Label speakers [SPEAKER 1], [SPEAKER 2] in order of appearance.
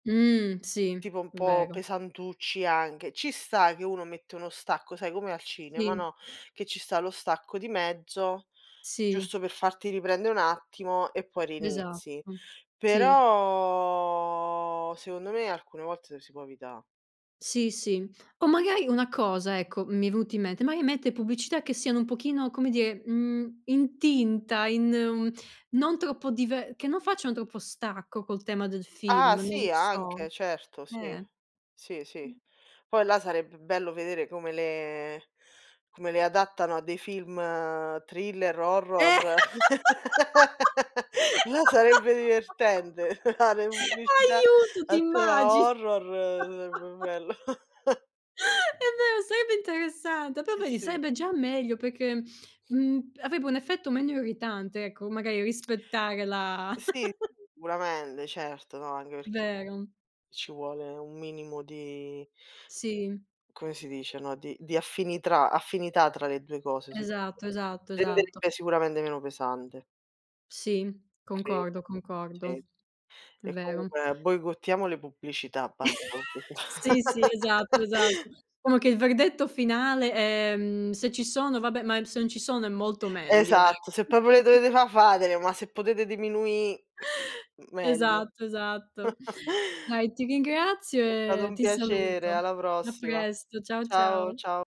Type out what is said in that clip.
[SPEAKER 1] Mh, sì,
[SPEAKER 2] Tipo un po'
[SPEAKER 1] vero.
[SPEAKER 2] pesantucci anche. Ci sta che uno mette uno stacco, sai come al cinema,
[SPEAKER 1] Sì.
[SPEAKER 2] no? Che ci sta lo stacco di mezzo
[SPEAKER 1] Sì.
[SPEAKER 2] giusto per farti riprendè un attimo e poi
[SPEAKER 1] Esatto,
[SPEAKER 2] rinizi.
[SPEAKER 1] sì.
[SPEAKER 2] Però, secondo me alcune volte lo si può evità.
[SPEAKER 1] Sì, sì, o magari una cosa, ecco, mi è venuto in mente. Mai mette pubblicità che siano un pochino, come dire, mhmm, in tinta, in uhm, non troppo dive che non facciano troppo stacco col tema del film,
[SPEAKER 2] Ah
[SPEAKER 1] non lo
[SPEAKER 2] sì,
[SPEAKER 1] so,
[SPEAKER 2] anche, certo, sì.
[SPEAKER 1] eh.
[SPEAKER 2] Sì, sì. Poi là sarebbe bello vedere come le come le adattano a dei film thriller, o horror.
[SPEAKER 1] Eh
[SPEAKER 2] Ah, sarebbe divertente fare pubblicità
[SPEAKER 1] Aiuto, ti
[SPEAKER 2] a tema
[SPEAKER 1] immagini?
[SPEAKER 2] horror, sarebbe bello.
[SPEAKER 1] È vero, sarebbe interessante, però
[SPEAKER 2] Eh
[SPEAKER 1] vedi
[SPEAKER 2] sì.
[SPEAKER 1] sarebbe già meglio perché, mhmm, avrebbe un effetto meno irritante ecco, magari rispettare la
[SPEAKER 2] Sì, sicuramente, certo, no, anche perché
[SPEAKER 1] Vero.
[SPEAKER 2] ci vuole un minimo di
[SPEAKER 1] Sì.
[SPEAKER 2] come si dice, no, di di affinitrà affinità tra le 2 cose, secondo me.
[SPEAKER 1] Esatto, esatto, esatto.
[SPEAKER 2] Renderebbe sicuramente meno pesante.
[SPEAKER 1] Sì,
[SPEAKER 2] Credo,
[SPEAKER 1] concordo,
[SPEAKER 2] sì
[SPEAKER 1] concordo. È
[SPEAKER 2] e
[SPEAKER 1] vero.
[SPEAKER 2] comunque boicottiamo le pubblicità.
[SPEAKER 1] Sì,
[SPEAKER 2] [unintelligible]
[SPEAKER 1] sì, esatto, esatto. Comunque il verdetto finale ehm, se ci sono vabbè, ma se non ci sono è molto meglio, eh.
[SPEAKER 2] Esatto. Se proprio le dovete fà, fatele, ma se potete diminuì, meglio.
[SPEAKER 1] Esatto, esatto. Dai, ti ringrazio
[SPEAKER 2] È stato
[SPEAKER 1] e
[SPEAKER 2] un
[SPEAKER 1] ti
[SPEAKER 2] piacere,
[SPEAKER 1] saluto.
[SPEAKER 2] alla
[SPEAKER 1] A
[SPEAKER 2] prossima.
[SPEAKER 1] presto, ciao,
[SPEAKER 2] Ciao,
[SPEAKER 1] ciao.
[SPEAKER 2] ciao.